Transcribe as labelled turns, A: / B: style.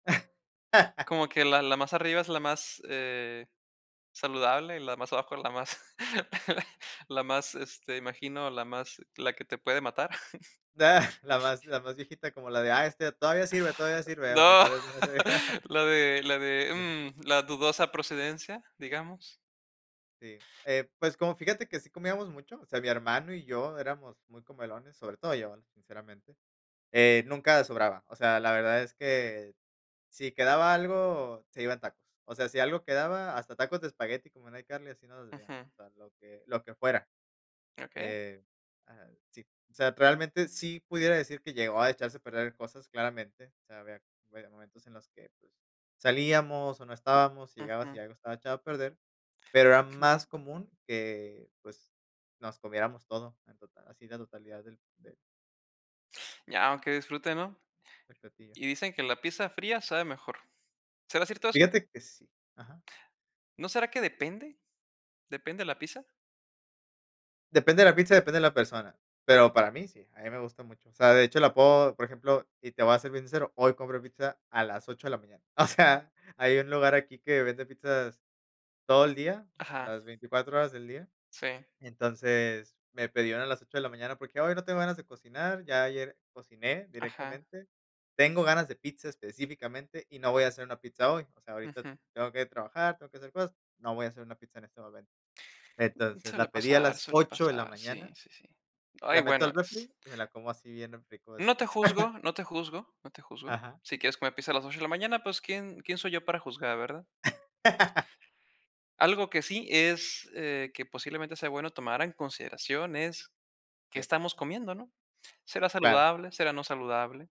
A: Como que la la más arriba es la más, eh, saludable, la más abajo es la más la más, este, imagino, la más la que te puede matar.
B: ¡Dah!, la más la más viejita como la de, ah, este todavía sirve, todavía sirve, aunque
A: No,
B: tal vez ya no sirve.
A: la de la de, mm, la dudosa procedencia, digamos.
B: Sí. Eh, pues, como, fíjate que sí comíamos mucho, o sea, mi hermano y yo éramos muy comelones, sobre todo yo, sinceramente. Eh, nunca sobraba, o sea, la verdad es que si quedaba algo, se iban tacos. O sea, si algo quedaba, hasta tacos de espagueti, como en iCarly, así nos decíamos,
A: Ujú.
B: o sea lo que lo que fuera.
A: Okey.
B: Eh ah, sí, o sea, realmente sí pudiera decir que llegó a echarse a perder cosas claramente, o sea, había, a ver, momentos en los que, pues, salíamos o no estábamos, llegabas y
A: Ujú.
B: algo estaba echado a perder, pero era
A: Claro.
B: más común que, pues, nos comiéramos todo en total, así la totalidad del de
A: Ya, aunque disfruten, ¿no?
B: del platillo.
A: Y dicen que la pizza fría sabe mejor. ¿Será cierto eso?
B: Fíjate que sí, ajá.
A: ¿No será que depende? ¿Depende la pizza?
B: Depende de la pizza, depende de la persona, pero para mí sí, a mí me gusta mucho. O sea, de hecho, la puedo, por ejemplo, y te voy a ser bien sincero, hoy compro pizza a las 8 de la mañana. O sea, hay un lugar aquí que vende pizzas todo el día,
A: Ajá.
B: las 24 horas del día.
A: Sí.
B: Entonces, me pedían una a las 8 de la mañana porque, ay, no tengo ganas de cocinar, ya ayer cociné
A: Ajá.
B: directamente, tengo ganas de pizza específicamente y no voy a hacer una pizza hoy, o sea, ahorita
A: Ujú.
B: tengo que ir a trabajar, tengo que hacer cosas, no voy a hacer una pizza en este momento. Entonces,
A: Suele
B: la pedí a
A: pasar,
B: las
A: suele
B: 8 de la
A: pasar, sí,
B: mañana,
A: sí, sí.
B: la
A: Ay,
B: meto
A: bueno
B: al
A: es
B: refri y me la como así bien rico
A: No te
B: después.
A: juzgo, no te juzgo, no te juzgo.
B: Ajá.
A: Si quieres comer pizza a las 8 de la mañana, pues quién quién soy yo para juzgar, ¿verdad? Algo que sí es, eh, que posiblemente sea bueno tomar en consideración es qué
B: Sí.
A: estamos comiendo, ¿no? ¿Será
B: Claro.
A: saludable? ¿Será no saludable?